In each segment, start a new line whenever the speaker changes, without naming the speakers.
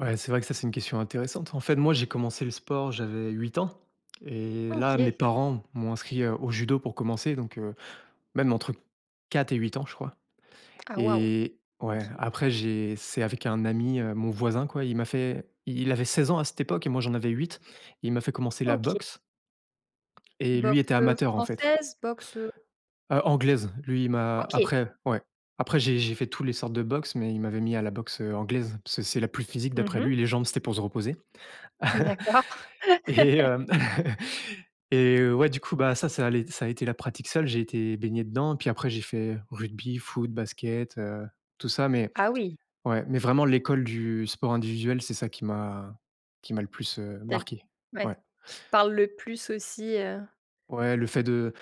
Ouais c'est vrai que ça c'est une question intéressante. En fait, moi, j'ai commencé le sport, j'avais 8 ans. Et, là mes
OK.
parents m'ont inscrit, heu, au judo pour commencer, donc, heu, même entre 4 et 8 ans, je crois.
Ah waouh.
Et, ouais
OK.
après j'ai c'est avec un ami, heu, mon voisin, quoi, il m'a fait il avait 16 ans à cette époque et moi j'en avais 8. Il m'a fait commencer la
OK.
boxe. Et lui
Boxe,
était
heu,
amateur, en fait.
française? Boxe, heu
Heu, anglaise. Lui il m'a
OK.
après, ouais, après j'ai j'ai fait tous les sortes de boxe mais il m'avait mis à la boxe, heu, anglaise. Parce que c'est la plus physique
Mmh
d'après
mh.
lui, les jambes c'était pour se reposer.
D'accord.
Et hem, et, ouais du coup, bah, ça, ça allait ça a été la pratique seule, j'ai été baigné dedans, puis après j'ai fait, rugby, foot, basket, heu, tout ça mais,
Ah oui!
ouais, mais vraiment l'école du sport individuel, c'est ça qui m'a qui m'a le plus, heu,
Tu as l
marqué.
ouais,
Ouais.
qui te parle le plus aussi, heu
Ouais, le fait de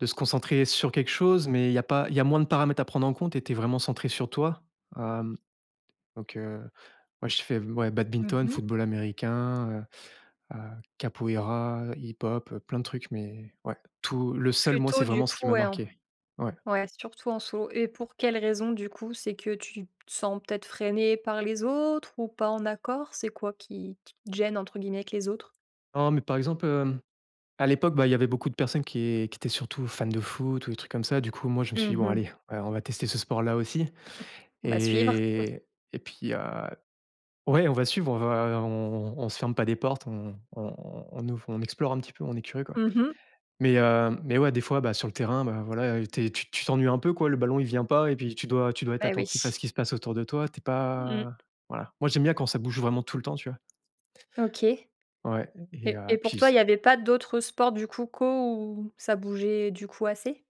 de se concentrer sur quelque chose, mais il y a pas il y a moins de paramètres à prendre en compte et tu es vraiment centré sur toi. Hem, donc heu, moi j'ai fait m ouais,
Mmh
badminton,
mh.
football américain, heu, heu, capoeira, hip-hop, heu, plein de trucs mais, ouais. Tout le seul moi
Plutôt
c'est
du
vraiment ce qui
coup,
m'a
ouais en
marqué. Ouais.
ouais surtout en solo. Et pour quelle raison du coup? C'est que tu te sens peut-être freiné par les autres? Ou pas en accord? C'est quoi qui qui te «gêne», entre guillemets, avec les autres?
Oh, mais, par exemple, heu, à l'époque, bah, il y avait beaucoup de personnes qui qui étaient surtout fan de foot ou des trucs comme ça, du coup moi je me suis dit:
Mmh
«Bon,
mh.
allez, ouais, on va tester ce sport là aussi».
Mmh. On va suivre.
Et et puis, heu, ouais on va suivre, on va on on on se ferme pas des portes. On on on on ouv on explore un petit peu. On est curieux, quoi.
Mmh mh.
Mais heu, mais ouais, des fois, bah, sur le terrain, bah, voilà, tu es tu tu t'ennuies un peu, quoi, le ballon il vient pas et puis, tu dois tu dois être
Beh,
attentif à
oui.
ce qui se passe autour de toi, tu es
Mmh
pas
mh.
voilà. Moi j'aime bien quand ça bouge vraiment tout le temps, tu vois?
OK. Et
Ouais, et heu,
et pour
puis
toi,
c
il y avait pas d'autres sports, du coup, co, où ça bougeait du coup assez?